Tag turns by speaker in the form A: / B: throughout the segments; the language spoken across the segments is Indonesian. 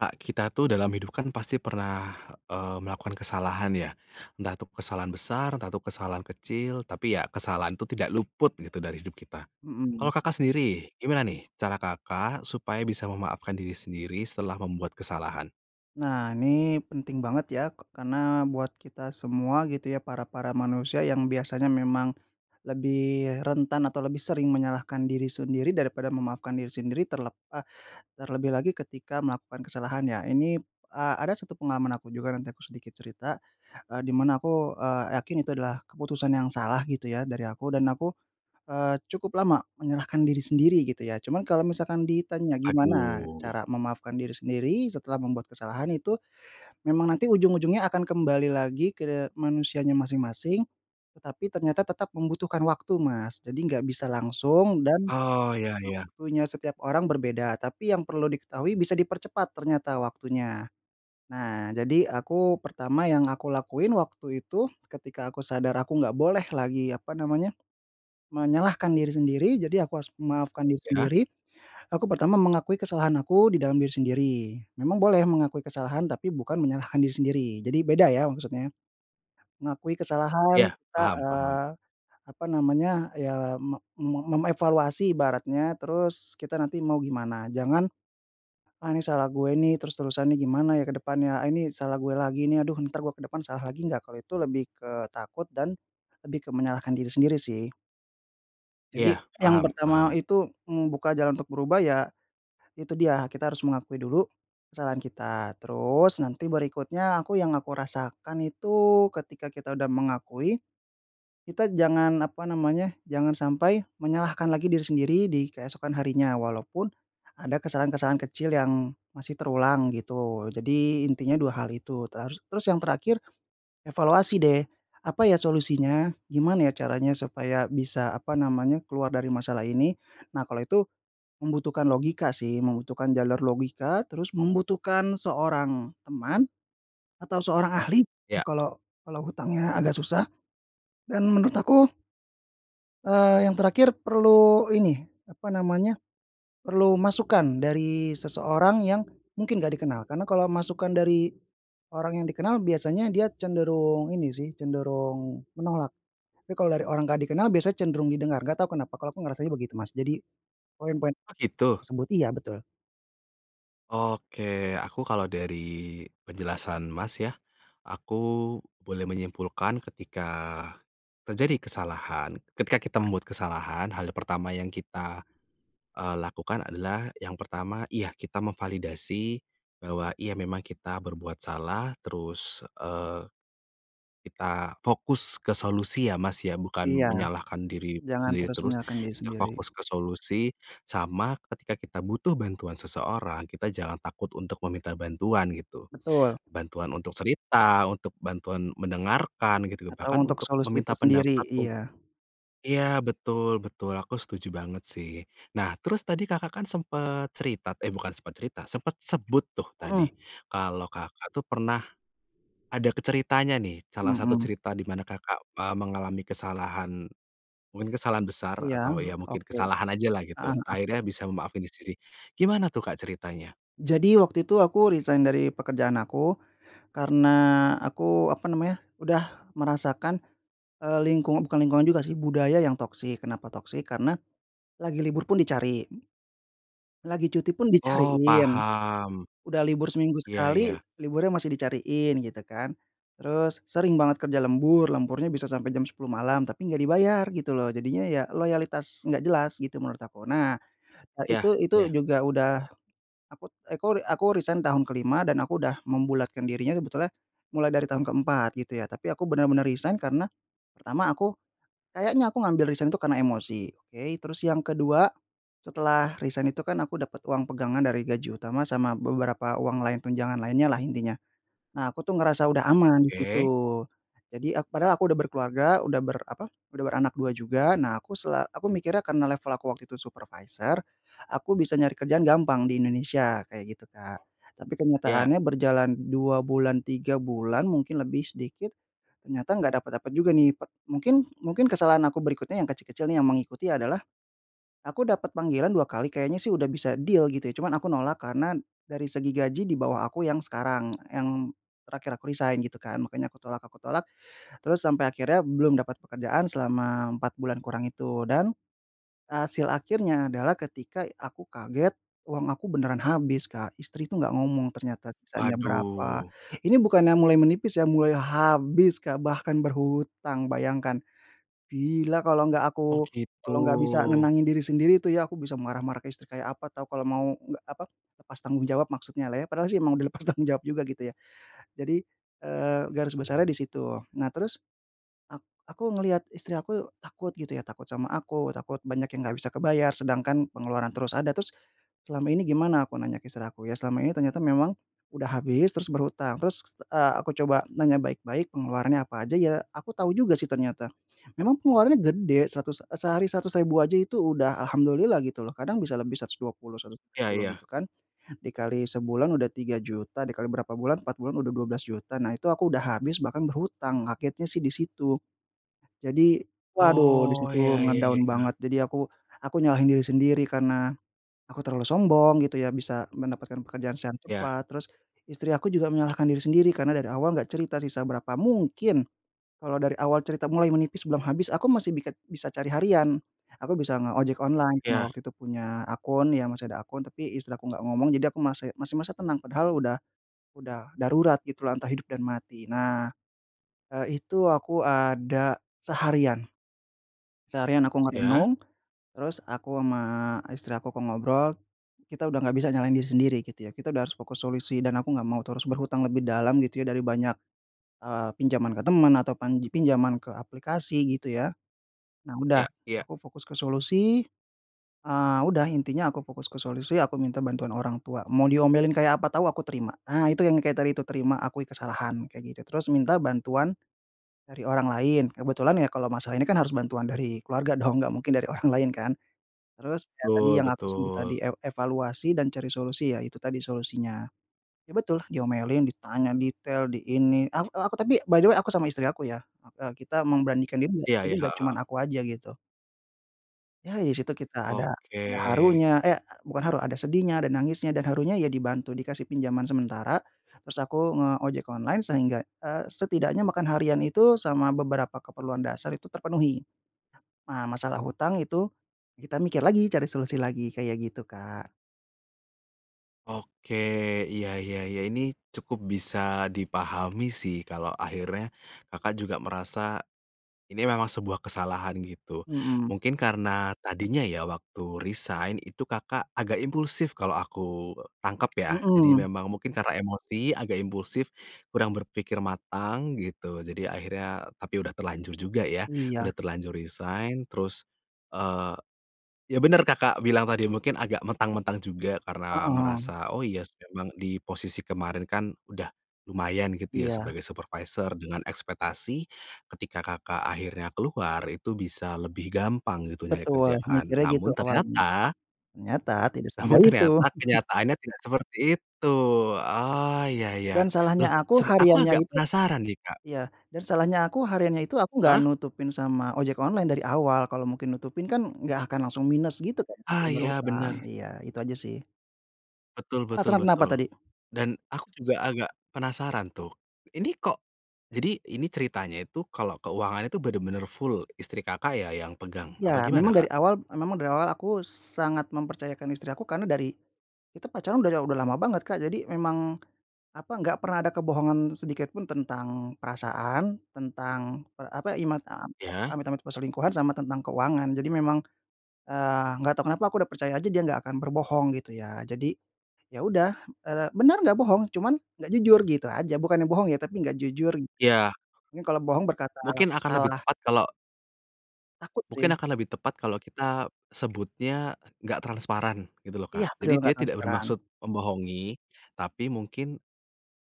A: Kak, kita tuh dalam hidup kan pasti pernah, eee, melakukan kesalahan ya. Entah itu kesalahan besar, entah itu kesalahan kecil. Tapi ya kesalahan itu tidak luput gitu dari hidup kita.
B: Mhm.
A: Kalau Kakak sendiri, gimana nih cara Kakak supaya bisa memaafkan diri sendiri setelah membuat kesalahan?
B: Nah ini penting banget ya, k karena buat kita semua gitu ya, para para manusia yang biasanya memang lebih rentan atau lebih sering menyalahkan diri sendiri daripada memaafkan diri sendiri. Terlep eee, terlebih lagi ketika melakukan kesalahan ya, ini eee, ada 1 pengalaman aku juga, nanti aku sedikit cerita. Eee, di mana aku, eee, yakin itu adalah keputusan yang salah gitu ya dari aku, dan aku, eee, cukup lama menyalahkan diri sendiri gitu ya. Cuman kalau misalkan ditanya, gimana
A: Aduh.
B: cara memaafkan diri sendiri setelah membuat kesalahan itu memang nanti ujung-ujungnya akan kembali lagi ke manusianya masing-masing. Tetapi ternyata tetap membutuhkan waktu, Mas. Jadi enggak bisa langsung dan
A: Oh, iya iya.
B: waktunya setiap orang berbeda. Tapi yang perlu diketahui bisa dipercepat ternyata waktunya. Nah, jadi aku pertama yang aku lakuin waktu itu, ketika aku sadar aku nggak boleh lagi apa namanya, menyalahkan diri sendiri, jadi aku harus memaafkan diri
A: Iya.
B: sendiri. Aku pertama mengakui kesalahan aku di dalam diri sendiri. Memang boleh mengakui kesalahan tapi bukan menyalahkan diri sendiri. Jadi beda ya maksudnya, mengakui kesalahan
A: Iya,
B: kita,
A: paham paham.
B: eee, apa namanya, ya me me memevaluasi ibaratnya, terus kita nanti mau gimana. Jangan, "Ah ini salah gue ini, terus-terusan nih gimana ya ke depannya, ah, ini salah gue lagi ini, aduh ntar gue ke depan salah lagi nggak?" Kalau itu lebih ke takut dan lebih ke menyalahkan diri sendiri sih. Jadi
A: Iya,
B: yang
A: paham
B: pertama
A: paham.
B: itu membuka jalan untuk berubah ya itu dia kita harus mengakui dulu kesalahan kita, terus nanti berikutnya aku yang aku rasakan itu, ketika kita udah mengakui kita jangan apa namanya, jangan sampai menyalahkan lagi diri sendiri di keesokan harinya, walaupun ada kesalahan-kesalahan kecil yang masih terulang gitu. Jadi intinya dua hal itu teru terus yang terakhir evaluasi deh apa ya solusinya? Gimana ya caranya supaya bisa apa namanya keluar dari masalah ini? Nah kalau itu membutuhkan logika sih, membutuhkan jalur logika, terus membutuhkan seorang teman atau seorang ahli,
A: Iya.
B: kala kalau hutangnya agak susah, dan menurut aku eee, yang terakhir perlu ini apa namanya, perlu masukan dari seseorang yang mungkin nggak dikenal, karena kalau masukan dari orang yang dikenal biasanya dia cenderung ini sih, cenderung menolak. Tapi kalau dari orang enggak dikenal biasanya cenderung didengar, enggak tahu kenapa kalau aku ngerasanya begitu, Mas. Jadi poin-poin
A: Oh gitu?
B: tersebut iya betul.
A: Oke, aku kalau dari penjelasan, Mas, ya, aku boleh menyimpulkan ketika terjadi kesalahan ketika kita membuat kesalahan, hal pertama yang kita, eee, lakukan adalah yang pertama, iya kita memvalidasi, bahwa iya memang kita berbuat salah, terus, eee, kita fokus ke solusi ya, Mas, ya, bukan
B: Iya,
A: menyalahkan diri
B: jangan
A: sendiri
B: terus
A: terus,
B: menyalahkan diri
A: kita
B: sendiri.
A: fokus ke solusi, sama ketika kita butuh bantuan seseorang, kita jangan takut untuk meminta bantuan, gitu.
B: Betul.
A: Bantuan untuk cerita, untuk bantuan mendengarkan gitu, bahkan
B: Atau untuk
A: untuk
B: solusi
A: meminta
B: itu
A: pendapat
B: sendiri.
A: untuk
B: Iya.
A: iya, betul betul, aku setuju banget sih. Nah terus tadi Kakak kan sempat cerita eh, bukan sempat cerita, sempat sebut tuh
B: Mhm.
A: tadi kalau Kakak tuh pernah ada ke ceritanya, nih, salah satu
B: Mhm.
A: cerita di mana Kakak, eee, mengalami kesalahan mungkin kesalahan besar
B: Iya,
A: atau ya mungkin
B: oke.
A: kesalahan ajalah gitu,
B: Heeh heeh
A: akhirnya bisa memaafin diri sendiri. Gimana tuh, Kak, ceritanya?
B: Jadi waktu itu aku resign dari pekerjaan aku, karena aku apa namanya udah merasakan, eee, lingkungan bukan lingkungan juga sih, budaya yang toxic. Kenapa toxic karena lagi libur pun dicari, lagi cuti pun
A: Oh,
B: dicariin,
A: paham.
B: udah libur seminggu
A: Iya
B: sekali
A: iya.
B: liburnya masih dicariin gitu kan, terus sering banget kerja lembur, lemburnya bisa sampai jam 10:00 malam, tapi enggak dibayar gitu loh jadinya ya loyalitas nggak jelas gitu menurut aku. Nah,
A: Iya
B: itu itu
A: iya.
B: juga udah, akut akuri aku resign tahun ke-5 dan aku udah membulatkan dirinya sebetulnya mulai dari tahun ke-4 gitu ya, tapi aku benar-benar resign karena pertama aku, kayaknya aku ngambil resign itu karena emosi oke, terus yang kedua setelah resign itu kan aku dapat uang pegangan dari gaji utama sama beberapa uang lain tunjangan lainnyalah intinya. Nah aku tuh ngerasa udah aman di
A: Oke.
B: situ. Jadi, aku padahal aku udah berkeluarga udah ber apa, udah beranak 2 juga, nah aku sela aku mikirnya karena level aku waktu itu supervisor aku bisa nyari kerjaan gampang di Indonesia kayak gitu, Kak, tapi
A: Iya.
B: kenyataannya berjalan 2 bulan 3 bulan mungkin lebih sedikit, ternyata nggak dapat-dapat juga, nih, pet mungkin mungkin kesalahan aku berikutnya yang kecil-kecil, nih, yang mengikuti adalah aku dapat panggilan dua kali kayaknya sih udah bisa deal gitu ya, cuman aku nolak karena dari segi gaji di bawah aku yang sekarang, yang terakhir aku resign gitu kan. Makanya aku tolak, aku tolak terus sampai akhirnya belum dapat pekerjaan selama 4 bulan kurang itu dan hasil akhirnya adalah ketika aku kaget uang aku beneran habis, Kak, istri itu enggak ngomong ternyata sisanya berapa,
A: Waduh.
B: ini bukannya mulai menipis ya, mulai habis, Kak, bahkan berhutang. Bayangkan, bila kalau enggak
A: Oh
B: aku
A: gitu.
B: kalo nggak bisa nenangin diri sendiri itu ya, aku bisa marah-marah ke istri kayak apa tahu, kalau mau nggak apa, lepas tanggung jawab maksudnyalah ya. Padahal sih emang udah lepas tanggung jawab juga gitu ya, jadi, eee, garis besarnya di situ. Nah terus, ak aku ngelihat istri aku takut gitu ya, takut sama aku, takut banyak yang gak bisa kebayar, sedangkan pengeluaran terus ada. Terus selama ini gimana aku nanya istri aku? Ya selama ini ternyata memang udah habis, terus berhutang. Terus, eee, aku coba nanya baik-baik pengeluarannya apa aja, ya aku tahu juga sih ternyata. Memang pengeluarannya gede, seratus e sehari Rp100.000 aja itu udah Alhamdulillah gitu loh kadang bisa lebih Rp120.000, seratus
A: Iya
B: sepuluh
A: iya.
B: gitu kan, dikali sebulan udah Rp3.000.000 dikali berapa bulan 4 bulan udah Rp12.000.000, nah itu aku udah habis bahkan berhutang, kagetnya sih di situ. Jadi, waduh di
A: Oh,
B: situ
A: iya iya iya
B: nge-down
A: iya.
B: banget, jadi aku aku nyalahin diri sendiri karena aku terlalu sombong gitu ya bisa mendapatkan pekerjaan secara
A: Ya.
B: cepat, terus istri aku juga menyalahkan diri sendiri karena dari awal enggak cerita sisa berapa. Mungkin kalau dari awal cerita mulai menipis belum habis aku masih bisa biket bisa cari harian, aku bisa nge-ojek online karena
A: Ya.
B: waktu itu punya akun, ya masih ada akun, tapi istri aku enggak ngomong jadi aku mase masih merasa tenang, padahal udah udah darurat gitulah antara hidup dan mati. Nah, eee, itu aku ada seharian. Seharian aku
A: Iya?
B: merenung, terus aku sama istri aku, aku ngobrol, kita udah nggak bisa nyalahin diri sendiri gitu ya. Kita udah harus fokus solusi dan aku enggak mau terus berhutang lebih dalam gitu ya dari banyak, eee, pinjaman ke teman atau pan pinjaman ke aplikasi gitu ya, nah udah
A: Iya, iya.
B: aku fokus ke solusi, eee, udah intinya aku fokus ke solusi aku minta bantuan orang tua, mau diomelin kayak apa tahu aku terima. Ah itu yang kayak tadi itu terima akui kesalahan kayak gitu, terus minta bantuan dari orang lain, kebetulan ya kalau masalah ini kan harus bantuan dari keluarga dong, enggak mungkin dari orang lain kan. Terus ya tadi
A: Tul
B: yang aku sebut tadi,
A: betul.
B: ev evaluasi dan cari solusi ya itu tadi solusinya. Ya betul diomelin, ditanya detail di ini, ak aku tapi by the way aku sama istri aku ya, e kita memberanikan diri ya
A: Iya
B: jadi
A: iya,
B: enggak
A: Heeh
B: cuman
A: heeh.
B: aku aja gitu. Ya di situ kita ada ada
A: Oke.
B: harunya, eh bukan haru, ada sedihnya, ada nangisnya dan harunya ya dibantu dikasih pinjaman sementara, terus aku nge-ojek online sehingga eee, setidaknya makan harian itu sama beberapa keperluan dasar itu terpenuhi. Nah, masalah hutang itu kita mikir lagi cari solusi lagi, kayak gitu, Kak.
A: Oke, iya iya iya, ini cukup bisa dipahami sih, kalau akhirnya Kakak juga merasa ini memang sebuah kesalahan gitu.
B: Mhm.
A: Mungkin karena tadinya ya waktu resign itu Kakak agak impulsif kalau aku tangkap ya, jadi
B: Mhm.
A: memang mungkin karena emosi agak impulsif, kurang berpikir matang gitu, jadi akhirnya tapi udah terlanjur juga ya,
B: Iya.
A: udah terlanjur resign terus, eee, ya bener Kakak bilang tadi, mungkin agak mentang-mentang juga karena
B: Heeh.
A: merasa oh iya sih emang di posisi kemarin kan udah lumayan gitu ya
B: Iya.
A: sebagai supervisor dengan ekspektasi, ketika Kakak akhirnya keluar itu bisa lebih gampang gitu nyari
B: Betul
A: kerjaan,
B: mikirnya
A: namun
B: gitu awalnya,
A: ternyata
B: ternyata tidak
A: namun
B: semudah itu.
A: ternyata, kenyataannya tidak seperti itu. Oh, iya iya.
B: Dan
A: Loh,
B: salahnya aku
A: seb aku
B: hariannya
A: agak
B: itu
A: penasaran, nih, Kak.
B: iya, dan salahnya aku hariannya itu aku nggak
A: Heeh?
B: nutupin sama ojek online dari awal, kalau mungkin nutupin kan nggak akan langsung minus gitu kan sampai
A: Ah iya,
B: berhutang,
A: bener.
B: iya itu aja sih.
A: Betul betul
B: Penasaran kenapa
A: betul.
B: tadi?
A: Dan aku juga agak penasaran tuh, ini kok jadi, ini ceritanya itu kalau keuangan itu benar-benar full istri Kakak ya yang pegang? Apa
B: Ya
A: gimana,
B: memang
A: Kak?
B: dari awal memang dari awal aku sangat mempercayakan istri aku karena dari kita pacaran dari aw udah lama banget, Kak, jadi memang apa enggak pernah ada kebohongan sedikit pun tentang perasaan, tentang per apa, imat
A: Iya.
B: amit amit perselingkuhan, sama tentang keuangan, jadi memang, eee, enggak tahu kenapa aku udah percaya aja dia enggak akan berbohong gitu ya, jadi ya udah, eee, benar nggak bohong, cuman nggak jujur gitu aja, bukannya bohong ya tapi nggak jujur.
A: Iya.
B: Nye kalau bohong berkata
A: Mungkin akan lebih
B: salah.
A: tepat kalau
B: Takut
A: mungkin
B: sih.
A: akan lebih tepat kalau kita sebutnya nggak transparan gitu loh,
B: Iya
A: Kak, jadi
B: bener,
A: dia
B: nggak
A: tidak
B: transparan.
A: bermaksud membohongi, tapi mungkin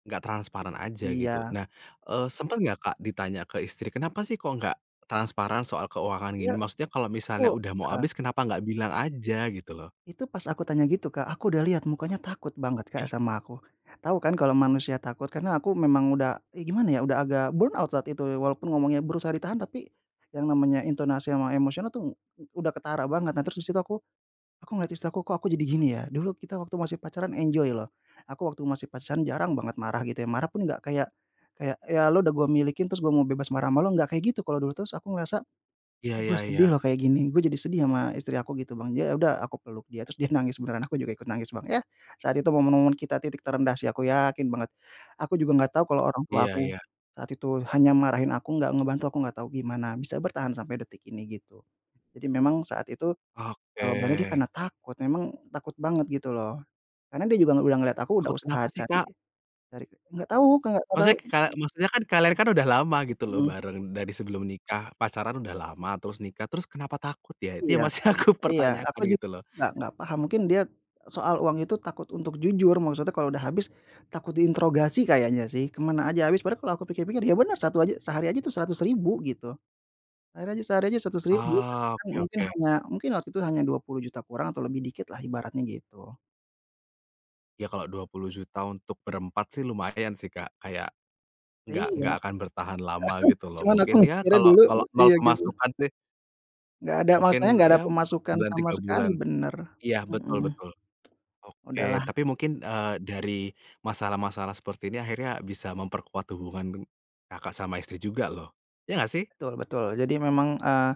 A: nggak transparan aja gitu.
B: Iya.
A: Nah, eee, sempet nggak, Kak, ditanya ke istri, kenapa sih kok nggak transparan soal keuangan gini?
B: Iya.
A: Maksudnya kalau
B: Aku,
A: misalnya udah mau
B: heeh.
A: habis, kenapa nggak bilang aja gitu loh.
B: Itu pas aku tanya gitu, Kak, aku udah lihat mukanya takut banget,
A: Iya.
B: Kak, sama aku, tahu kan kalau manusia takut? Karena aku memang udah e gimana ya, udah agak burnout saat itu ya walaupun ngomongnya berusaha ditahan, tapi yang namanya intonasi sama emosional tuh udah ketara banget, dan terus di situ aku aku ngeliat istri aku kok aku jadi gini ya. Dulu kita waktu masih pacaran enjoy loh, aku waktu masih pacaran jarang banget marah gitu ya, marah pun enggak kayak kayak ya lu udah gue miliki, terus gue mau bebas marah sama lu enggak kayak gitu kalau dulu. Terus aku ngerasa,
A: Iya
B: kok
A: iya
B: gue sedih
A: iya.
B: loh kayak gini, gue jadi sedih sama istri aku gitu, Bang, ya udah aku peluk dia, terus dia nangis beneran, aku juga ikut nangis, Bang, yah, saat itu momen-momen kita titik terendah sih, aku yakin banget. Aku juga nggak tahu kalau orang
A: Iya
B: tuaku
A: iya.
B: saat itu hanya marahin aku nggak ngebantu, aku nggak tahu gimana bisa bertahan sampai detik ini, gitu. Jadi memang saat itu jawabannya dia
A: Oke.
B: karena takut, memang takut banget gitu loh. Karena dia juga udah ngelihat aku udah
A: Takut kenapa
B: usaha
A: sih, Kak?
B: cari cari ke nggak tahu, Kak, enggak tahu.
A: Maksudnya ka maksudnya kan kalian kan udah lama gitu loh
B: Mhm.
A: bareng, dari sebelum nikah pacaran udah lama, terus nikah, terus kenapa takut ya? Itu
B: Iya.
A: yang masih aku
B: Iya, aku
A: pertanyakan
B: jug
A: gitu loh.
B: nggak nggak paham, mungkin dia soal uang itu takut untuk jujur, maksudnya kalau udah habis takut diintrogasi kayaknya sih ke mana aja habis padahal kalau aku pikir-pikir ya benar, satu aja sehari aja itu Rp100.000 gitu, akhirnya sehari aja Rp100.000,
A: Oh,
B: ternyata mungkin
A: oke-oke.
B: hanya mungkin waktu itu hanya Rp20.000.000 kurang atau lebih dikitlah ibaratnya gitu.
A: Ya kalau Rp20.000.000 untuk berempat sih lumayan sih, Kak, kayak, nggak
B: Iya.
A: nggak akan bertahan lama gitu loh,
B: Cuma aku
A: mungkin ya,
B: mikirnya
A: kalau
B: dulu
A: kalau nol
B: iya gitu.
A: pemasukan sih
B: Nggak ada masalahnya
A: mungkin
B: nggak ada
A: ya 4
B: pemasukan
A: bulan
B: sama
A: 3
B: sekali,
A: bulan
B: bener,
A: iya betul
B: mhm.
A: betul. Oke,
B: Udahlah.
A: tapi mungkin, eee, dari masalah-masalah seperti ini akhirnya bisa memperkuat hubungan deng Kakak sama istri juga loh. Iya nggak sih?
B: Betul betul. Jadi memang, eee,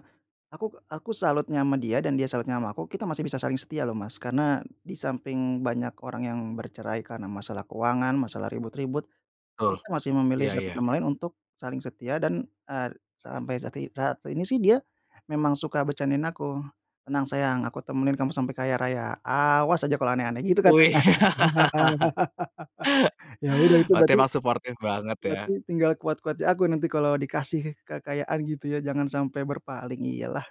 B: aku aku salutnya sama dia dan dia salutnya sama aku, kita masih bisa saling setia loh, Mas. Karena di samping banyak orang yang bercerai karena masalah keuangan, masalah ribut-ribut,
A: Betul,
B: kita masih memilih
A: iya
B: satu
A: iya.
B: sama lain untuk saling setia dan, eee, sampai sati saat ini sih dia memang suka bercandain aku, "Tenang sayang, aku temenin kamu sampai kaya raya, awas aja kalau aneh-aneh." Gitu katanya.
A: Wih.
B: Ya udah itu
A: Berarti
B: berarti
A: emang suportif banget ya.
B: berarti tinggal kuat-kuatnya aku nanti kalau dikasih kekayaan gitu ya, jangan sampai berpaling, iyalah.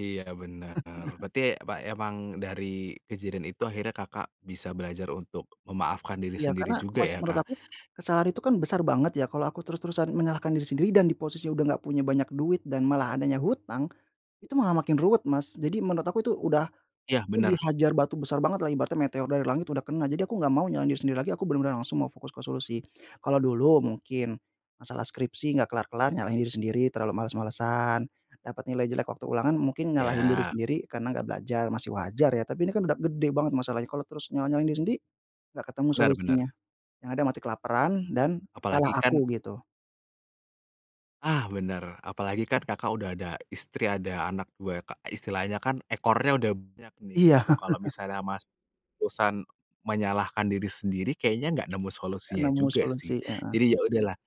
A: Iya bener. Berarti, apa emang dari kejadian itu akhirnya Kakak bisa belajar untuk memaafkan diri
B: Iya
A: sendiri
B: karena
A: juga
B: mes
A: ya
B: menurut
A: Kak?
B: aku, kesalahan itu kan besar banget ya, kalau aku terus-terusan menyalahkan diri sendiri dan di posisi udah nggak punya banyak duit dan malah adanya hutang, itu malah makin ruwet Mas. Jadi menurut aku tuh udah,
A: Iya,
B: aku
A: bener.
B: dihajar batu besar bangetlah ibaratnya meteor dari langit udah kena, jadi aku nggak mau nyalahin diri sendiri lagi, aku benar-benar langsung fokus ke solusi. Kalau dulu mungkin, masalah skripsi nggak kelar-kelar nyalahin diri sendiri terlalu males-malesan, dapat nilai jelek waktu ulangan mungkin nyalahin diri
A: Iya.
B: sendiri karena nggak belajar, masih wajar ya. Tapi ini kan udah gede banget masalahnya, kalau terus nyalah-nyalahin diri sendiri enggak ketemu
A: Bener
B: solusinya,
A: bener.
B: yang ada mati kelaparan dan
A: Apa lagi
B: salah
A: kan
B: aku gitu.
A: Ah bener, apalagi kan Kakak udah ada istri, ada anak 2 ya Kak, istilahnya kan ekornya udah banyak nih
B: Iya.
A: gitu. Kalau misalnya masih terusan menyalahkan diri sendiri, kayaknya nggak nemu
B: Gak
A: solusinya
B: nemu
A: juga sih.
B: solusi, heeh.
A: Jadi ya udahlah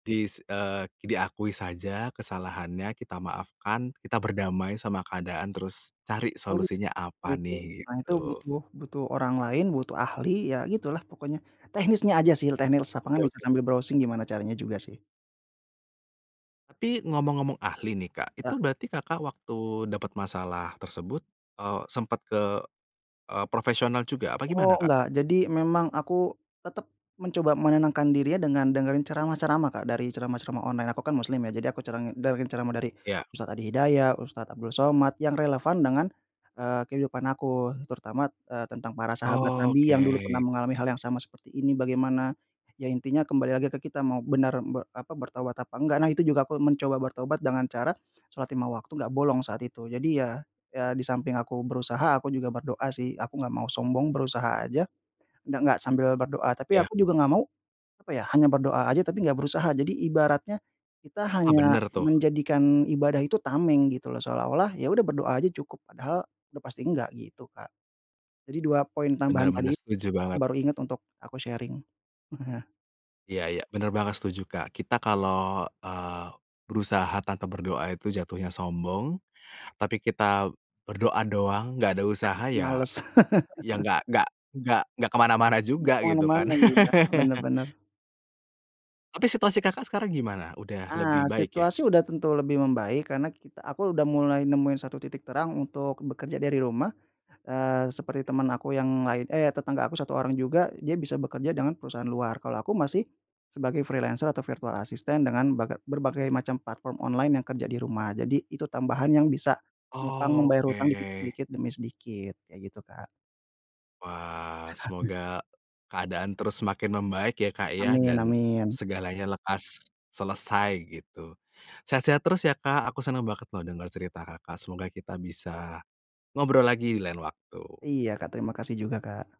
A: dis eee, diakui saja kesalahannya, kita maafkan, kita berdamai sama keadaan, terus cari
B: Solu
A: solusinya apa
B: gitu,
A: nih,
B: nah itu
A: gitu.
B: butuh butuh orang lain, butuh ahli, ya gitulah pokoknya. Teknisnya aja sih teh, teknis lapangan
A: Oke
B: bisa
A: oke.
B: sambil browsing gimana caranya juga sih.
A: Tapi ngomong-ngomong ahli nih Kak, itu
B: Ya.
A: berarti Kakak waktu dapat masalah tersebut, eee, sempat ke, eee, profesional juga, apa gimana
B: Oh
A: Kak?
B: enggak, jadi memang aku tetap mencoba menenangkan dirinya dengan dengerin ceramah-ceramah Kak, dari ceramah-ceramah online. Aku kan muslim ya, jadi aku cerengi dengerin ceramah dari
A: Iya.
B: Ustad Adi Hidayat, Ustad Abdul Somad yang relevan dengan, eee, kehidupan aku terutama, eee, tentang para sahabat
A: Oh
B: nabi yang dulu pernah
A: oke.
B: mengalami hal yang sama seperti ini bagaimana, ya intinya kembali lagi ke kita mau benaran be apa, bertaubat apa enggak. Nah itu juga mencoba bertaubat dengan cara shalat 5 waktu nggak bolong saat itu. Jadi ya, ya di samping aku berusaha aku juga berdoa sih, aku nggak mau sombong berusaha aja, d nggak sambil berdoa. Tapi
A: Iya.
B: aku juga nggak mau, apa ya, hanya berdoa aja tapi nggak berusaha. Jadi ibaratnya, kita
A: Ah
B: hanya
A: bener tuh.
B: menjadikan ibadah itu tameng gitu loh, seolah-olah ya udah berdoa aja cukup padahal udah pasti nggak, gitu Kak. Jadi 2 poin
A: Bener
B: tambahan
A: bener,
B: tadi,
A: setuju
B: aku
A: banget.
B: baru ingat untuk aku sharing.
A: Iya iya, bener banget, setuju Kak. Kita kalau, eee, berusaha tanpa berdoa itu jatuhnya sombong, tapi kita berdoa doang nggak ada usaha ya,
B: Males.
A: ya nggak nggak nggak nggak ke mana-mana
B: Mbak
A: juga gitu kan?
B: kemana-mana ninya, benar benar.
A: Tapi situasi Kakak sekarang gimana? Udah lebih
B: Ah,
A: baik ya?
B: situasi udah tentu lebih membaik karena kit aku udah mulai nemuin satu titik terang untuk bekerja dari rumah, eee, seperti teman aku yang lain eh tetangga aku 1 orang juga, dia bisa bekerja dengan perusahaan luar. Kalau aku masih sebagai freelancer atau virtual assistant dengan baga berbagai macam platform online yang kerja di rumah. Jadi itu tambahan yang bisa nupang
A: Oh
B: membayar hutang dikit
A: oke.
B: sedikit demi sedikit, kayak gitu Kak.
A: Wah, semoga keadaan terus semakin membaik ya Kak ya,
B: Amin
A: dan
B: amin.
A: segalanya lekas selesai gitu. Sehat-sehat terus ya Kak, aku senang banget loh dengar cerita Kakak, semoga kita bisa ngobrol lagi di lain waktu.
B: Iya Kak, terima kasih juga Kak.